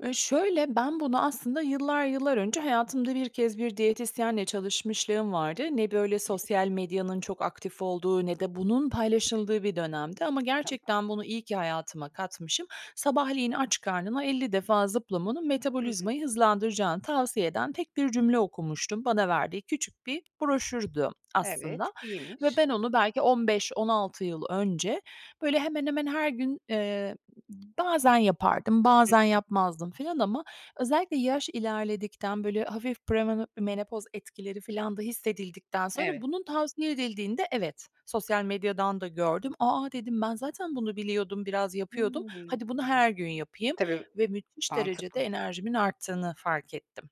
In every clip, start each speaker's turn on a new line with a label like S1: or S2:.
S1: Ü şöyle, ben bunu aslında yıllar yıllar önce hayatımda 1 kez bir diyetisyenle çalışmışlığım vardı. Ne böyle
S2: Peki.
S1: sosyal medyanın çok aktif olduğu ne de bunun paylaşıldığı bir dönemdi ama
S2: Tamam.
S1: gerçekten bunu iyi ki hayatıma katmışım. Sabahleyin aç karnına 50 defa zıplamanın
S2: Hı
S1: metabolizmayı
S2: hı.
S1: hızlandıracağını tavsiye eden tek bir cümle okumuştum. Bana verdiği küçük bir broşürdü
S2: Evet,
S1: aslında ve
S2: iyiymiş.
S1: ben onu belki 15-16 yıl önce, böyle, hemen hemen her gün, eee, bazen yapardım,
S2: Hı
S1: bazen
S2: hı.
S1: yapmazdım filan ama özellikle yaş ilerledikten, böyle, hafif premeno menopoz etkileri filan da hissedildikten sonra
S2: Evet.
S1: bunun tavsiye edildiğinde evet, sosyal medyadan da gördüm. "A a!" dedim. "Ben zaten bunu biliyordum, biraz yapıyordum.
S2: Hımm.
S1: Hadi bunu her gün yapayım."
S2: Tabii,
S1: ve müthiş derecede
S2: mantıklı.
S1: enerjimin arttığını fark ettim.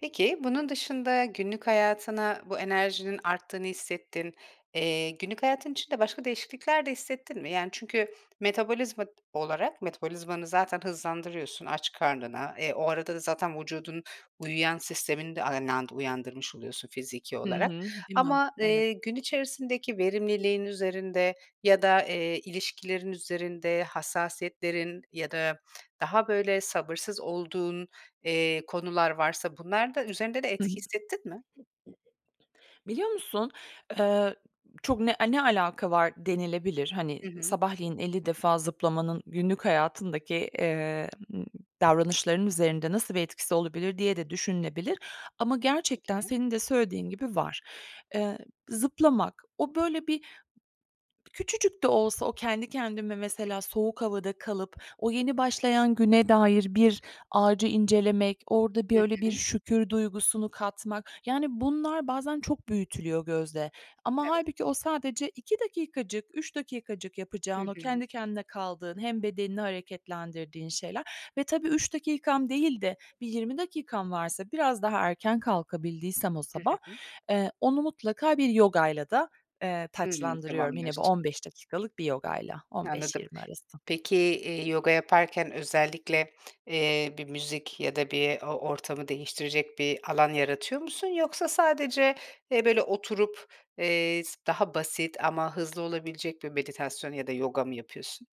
S2: Peki, bunun dışında günlük hayatına bu enerjinin arttığını hissettin, eee, günlük hayatın içinde başka değişiklikler de hissettin mi? Yani, çünkü metabolizma t olarak metabolizmanı zaten hızlandırıyorsun aç karnına, eee, o arada da zaten vücudun uyuyan sistemini de aynı anda uyandırmış oluyorsun fiziki
S1: Hı
S2: olarak.
S1: hı, değil mi?
S2: Ama,
S1: Evet.
S2: eee, gün içerisindeki verimliliğin üzerinde ya da, eee, ilişkilerin üzerinde, hassasiyetlerin ya da daha, böyle, sabırsız olduğun, eee, konular varsa bunlarda üzerinde de etki hissettin mi?
S1: [unintelligible] Biliyor musun? Eee, çok ne eee, "Ne alaka var?" denilebilir. Hani,
S2: Hı hı.
S1: sabahleyin 50 defa zıplamanın günlük hayatındaki, eee, ımm, davranışlarının üzerinde nasıl bir etkisi olabilir diye de düşünülebilir ama gerçekten
S2: Peki.
S1: senin de söylediğin gibi var. Eee, zıplamak, o, böyle, bir küçücük de olsa, o kendi kendime mesela
S2: Hı hı.
S1: soğuk havada kalıp o yeni başlayan güne dair bir ağacı incelemek, orada bir
S2: Hı
S1: öyle bir
S2: hı.
S1: şükür duygusunu katmak, yani, bunlar bazen çok büyütülüyor gözde ama
S2: Evet.
S1: hâlbuki o sadece 2 dakikacık, 3 dakikacık
S2: Hı
S1: yapacağın, o
S2: hı.
S1: kendi kendine kaldığın, hem bedenini hareketlendirdiğin şeyler ve tabii 3 dakikam değil de bir 20 dakikam varsa, biraz daha erken kalkabildiysem o
S2: Hı
S1: sabah,
S2: hı.
S1: eee, onu mutlaka bir yogayla da, eee,
S2: Hımm.
S1: taçlandırıyorum. Yine bu
S2: Tamamlıyorsun.
S1: 15 dakikalık bir yogayla, on beş
S2: Anladım.
S1: yirmi arası.
S2: Peki, eee, yoga yaparken özellikle, eee, bir müzik ya da bir o o ortamı değiştirecek bir alan yaratıyor musun yoksa sadece, eee, böyle, oturup, eee, s daha basit ama hızlı olabilecek bir meditasyon ya da yoga mı yapıyorsun?